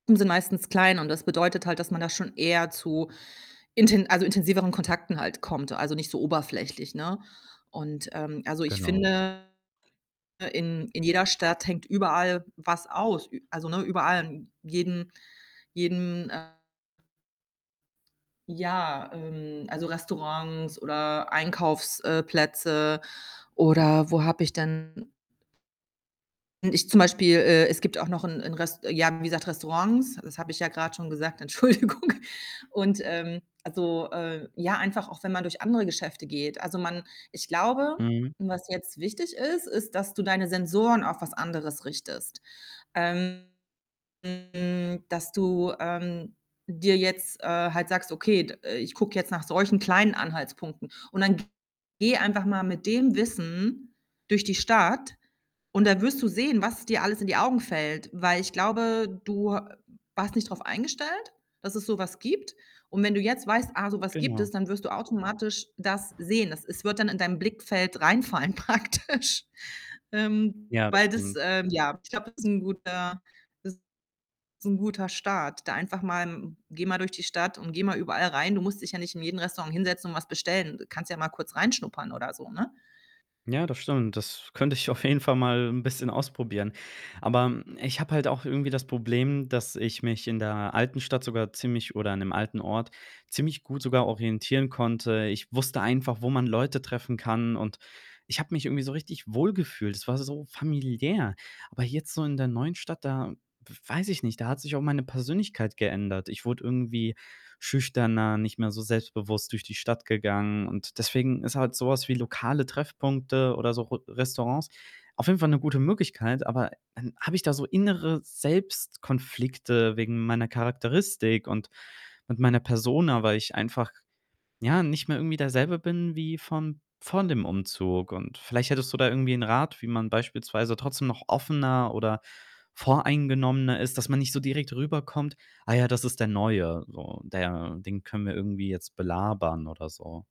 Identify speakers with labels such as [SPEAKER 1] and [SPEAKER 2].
[SPEAKER 1] [unintelligible] sind meistens klein und das bedeutet halt, dass man da schon eher zu inten also, intensiveren Kontakten halt kommt, also, nicht so oberflächlich, ne? Und, ähm, also, ich
[SPEAKER 2] Genau.
[SPEAKER 1] finde, in in jeder Stadt hängt überall was aus. Ü also, ne, überall in jedem jedem, äh Ja, ähm, also, Restaurants oder Einkaufs, äh, Plätze oder wo habe ich denn N ich zum Beispiel, äh, es gibt auch noch 'n 'n Rest ja, wie gesagt, Restaurants, das habe ich ja grad schon gesagt. Entschuldigung. Und, ähm, also, äh ja, einfach auch wenn man durch andere Geschäfte geht. Also, man ich glaube,
[SPEAKER 2] Mhm.
[SPEAKER 1] was jetzt wichtig ist, ist, dass du deine Sensoren auf was anderes richtest. Ähm, hm, dass du, ähm, dir jetzt, äh, halt sagst: „Okay, d ich gucke jetzt nach solchen kleinen Anhaltspunkten.“ Und dann g geh einfach mal mit dem Wissen durch die Stadt und da wirst du sehen, was dir alles in die Augen fällt. Weil, ich glaube, du ha warst nicht drauf eingestellt, dass es so was gibt. Und wenn du jetzt weißt: „Ah, so was gibt es.“,
[SPEAKER 2] Genau.
[SPEAKER 1] dann wirst du automatisch das sehen. Das es wird dann in dein Blickfeld reinfallen praktisch. Ähm,
[SPEAKER 2] Ja, das
[SPEAKER 1] weil das,
[SPEAKER 2] stimmt.
[SPEAKER 1] ähm, ja, ich glaube, das ist 'n guter das ist 'n guter Start. Da einfach mal geh mal durch die Stadt und geh mal überall rein. Du musst dich ja nicht in jedem Restaurant hinsetzen und was bestellen. Äh, kannst ja mal kurz reinschnuppern oder so, ne?
[SPEAKER 2] Ja, das stimmt. Das könnte ich auf jeden Fall mal 'n bisschen ausprobieren. Aber ich habe halt auch irgendwie das Problem, dass ich mich in der alten Stadt sogar ziemlich oder in dem alten Ort ziemlich gut sogar orientieren konnte. Ich wusste einfach, wo man Leute treffen kann und ich habe mich irgendwie so richtig wohlgefühlt. Es war so familiär. Aber jetzt so in der neuen Stadt, da weiß ich nicht, da hat sich auch meine Persönlichkeit geändert. Ich wurde irgendwie schüchterner, nicht mehr so selbstbewusst durch die Stadt gegangen und deswegen ist halt so was wie lokale Treffpunkte oder so Ro Restaurants auf jeden Fall 'ne gute Möglichkeit, aber dann habe ich da so innere Selbstkonflikte wegen meiner Charakteristik und und meiner Persona, weil ich einfach, ja, nicht mehr irgendwie derselbe bin wie vorm vor dem Umzug. Und vielleicht hättest du da irgendwie 'n Rat, wie man beispielsweise trotzdem noch offener oder voreingenommener ist, dass man nicht so direkt rüberkommt: „Ah ja, das ist der Neue, so. Der den können wir irgendwie jetzt belabern“, oder so.